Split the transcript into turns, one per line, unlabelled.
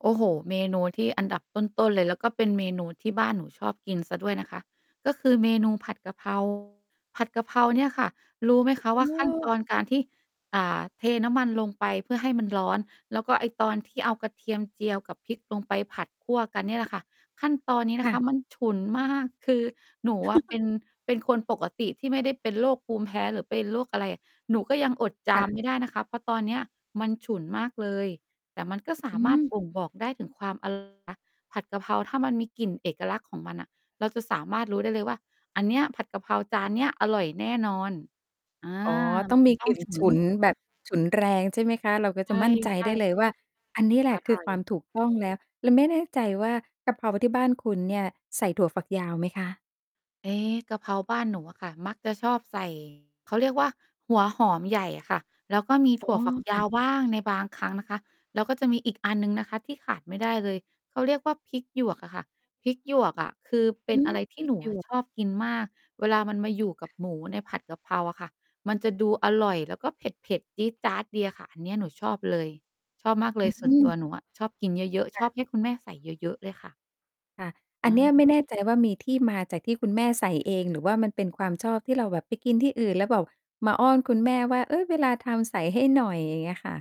โอ้โฮ เมนูที่อันดับต้น ๆ เลย แล้วก็เป็นเมนูที่บ้านหนูชอบกินเสียด้วยนะคะ ก็คือเมนูผัดกะ เพรา ผัดกะเพราเนี่ยค่ะ รู้ไหมคะ
อื
ว่าขั้นต
ม
อนการที่ อ่า เทน้ำมันลงไปเพื่อให้มันร้อน แล้วก็ไอ้ตอนที่เอากระเทียมเจียวกับพริกลงไปผัดคั่วกันเนี่ยแหละค่ะ ขั้นตอนนี้น
ค
ะ
่
คะ
ะ
มันฉุนมาก คือหนูอะเป็น เป็นคนปกติที่ไม่ได้เป็นโรคภูมิแพ้หรือเป็นโรคอะไร หนูก็ยังอดจ
ค
า
่
ม
ะ
ไม่ได้นะคะ เพราะตอนเนี้ยมันฉุนมากเลย แต่มันก็สา
อื
มารถ
ม
บ่งบอกได้ถึงความ อร่อย นะคะ ผัดกะเพราถ้ามันมีกลิ่นเอกลักษณ์ของมันน่ะ เราจะสามารถรู้ได้เลยว่า อันเนี้ย ผัดกะเพราจานเนี้ยอร่อยแน่นอน อา
อ๋อ ต
ม
้อ
ัน
ง
จ
ม
ะ
ี
ต้
ก
อ
ล
ง
ิ่น
ฉุ
ฉ
น
ุนแบบ ฉุนแรง ใช่ไหมคะ เราก็
ใช
จะ
่
มั่นใจ
ใช่
ได
ค
้
่ะ
เลยว่า อันนี้แหล
อ
ะค
ร
ือ
่อ
ค
ย
วามถูกต้องแล้ว แล้วไม่แน่ใจว่า กระเพราที่บ้านคุณเนี่ยใส่ถั่วฝักยาวไหมคะ?
เอ๊ กระเพราบ้านหนูอะค่ะ มักจะชอบ ใส่ เขาเรียกว่า หัวหอมใหญ่อะค่ะ แล้วก็มี
อ
ถ
๋อ
ั่วฝักย
ค่
า
ะ
วบ้างในบางครั้งนะคะ แล้วก็จะมีอีกอันหนึ่งนะคะที่ขาดไม่ได้เลย เขาเรียกว่าพริกหยวกอะค่ะ พริกหยวกอะคือเป็
อ
น
ื
อ
ม
ะไรที
พ
่
ริ
หน
ก
ู
หย
อะ
วก
ชอบกินมาก เวลามันมาอยู่กับหมูในผัดกะเพราอะค่ะ มันจะดูอร่อยแล้วก็เผ็ด ๆ จี๊ดจ๊าดดีอะค่ะ อันเนี้ยหนูชอบเลย ชอบมากเล
อื
ย
้อ
ส
ฮ
่วน
ื
ตัว
อ
หนูอะ ชอบกินเยอะ
ค
ๆ ช
่ะ
อบให้คุณแม่ใส่เยอะ ๆ เลยค่ะ
ค่ะ อั
อ
นเนี้ยไม
า
่แน่ใจว่า มีที่มาจากที่คุณแม่ใส่เอง หรือว่ามันเป็นความชอบที่เราแบบไปกินที่อื่นแล้วแบบมาอ้อนคุณแม่ว่า "เฮ้ย เวลาทำใส่ให้หน่อย" อย่างเงี้ยค่ะ